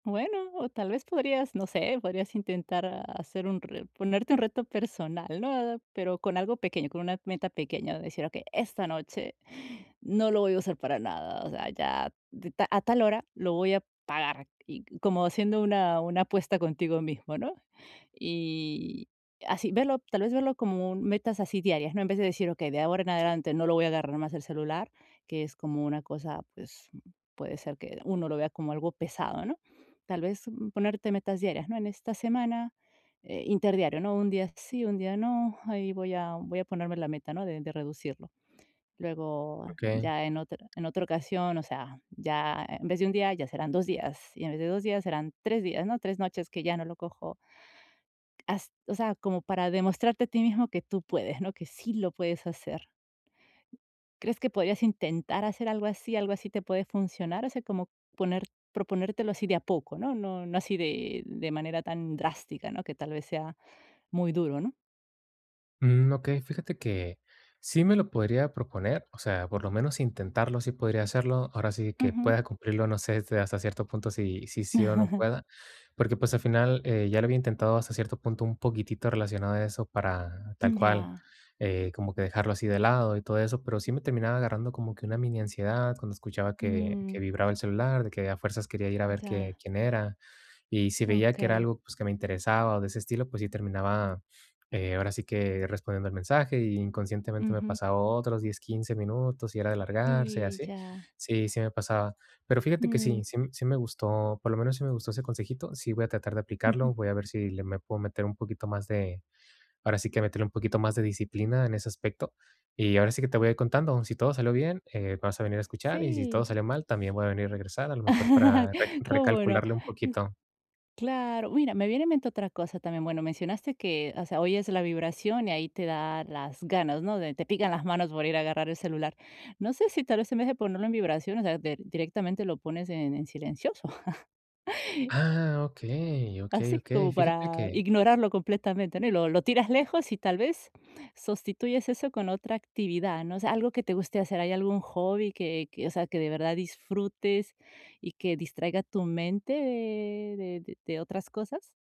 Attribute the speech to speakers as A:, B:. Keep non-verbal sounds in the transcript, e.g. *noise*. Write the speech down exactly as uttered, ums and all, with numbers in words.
A: Bueno, o tal vez podrías, no sé, podrías intentar hacer un ponerte un reto personal, ¿no? Pero con algo pequeño, con una meta pequeña, decir: "Okey, esta noche no lo voy a usar para nada". O sea, ya d a tal hora lo voy a pagar y como haciendo una una apuesta contigo mismo, ¿no? Y así, verlo tal vez verlo como metas así diarias, ¿no? En vez de decir: "Okey, de ahora en adelante no lo voy a agarrar más el celular", que es como una cosa, pues puede ser que uno lo vea como algo pesado, ¿no? Tal vez ponerte metas diarias, ¿no? En esta semana, eh, interdiario, ¿no? Un día sí, un día no, ahí voy a voy a ponerme la meta, ¿no? De de reducirlo. Luego
B: Okey.
A: ya en otr en otra ocasión, o sea, ya en vez de un día, ya serán dos días y en vez de dos días serán tres días, ¿no? tres noches que ya no lo cojo. Hast o sea, como para demostrarte a ti mismo que tú puedes, ¿no? Que sí lo puedes hacer. ¿Crees que podrías intentar hacer algo así algo así te puede funcionar? O sea, como poner proponértelo así de a poco, ¿no? No no así de de manera tan drástica, ¿no? Que tal vez sea muy duro, ¿no?
B: Mm, okey, fíjate que sí me lo podría proponer, o sea, por lo menos intentarlo, sí podría hacerlo, ahora sí que
A: Ujú.
B: pueda cumplirlo, no sé hasta cierto punto si si sí o no pueda, porque, pues, al final, eh, ya lo había intentado hasta cierto punto un poquitito relacionado a eso para tal
A: Mm,
B: cual,
A: ya.
B: eh, como que dejarlo así de lado y todo eso, pero sí me terminaba agarrando como que una mini ansiedad cuando escuchaba que que
A: Mm.
B: vibraba el celular, de que a fuerzas quería ir a ver
A: Ya.
B: que quién era. Y si veía que era
A: Okey.
B: algo, pues, que me interesaba o de ese estilo, pues sí terminaba, eh, ahora sí que respondiendo el mensaje y inconscientemente me
A: Ujú.
B: pasaba otros diez quince minutos y era de alargarse y
A: Y,
B: así.
A: ya.
B: Sí sí me pasaba. Pero fíjate que sí
A: Mm.
B: sí m sí me gustó, por lo menos sí me gustó ese consejito, sí voy a tratar de
A: Ujú.
B: aplicarlo, voy a ver si le me puedo meter un poquito más de ahora sí que meterle un poquito más de disciplina en ese aspecto. Y ahora sí que te voy a ir contando, si todo salió bien, eh, vas a venir a escuchar y si todo
A: Sí.
B: salió mal también voy a venir y regresar, a lo mejor para rec
A: *laughs* ¿Cómo no?
B: recalcularle un poquito.
A: Claro. Mira, me viene a mente otra cosa también. Bueno, mencionaste que, o sea, oyes la vibración y ahí te da las ganas, ¿no?, de te pican las manos por ir a agarrar el celular. No sé si tal vez, en vez de ponerlo en vibración, o sea, del directamente lo pones en en silencioso. *laughs*
B: Ah, okey okey
A: Así,
B: okey.
A: como
B: Fíjate
A: para
B: que
A: ignorarlo completamente, ¿no? Y lo lo tiras lejos y, tal vez, sustituyes eso con otra actividad, ¿no? O sea, algo que te guste hacer. ¿Hay algún hobby que que, o sea, que de verdad disfrutes y que distraiga tu mente de de de otras cosas?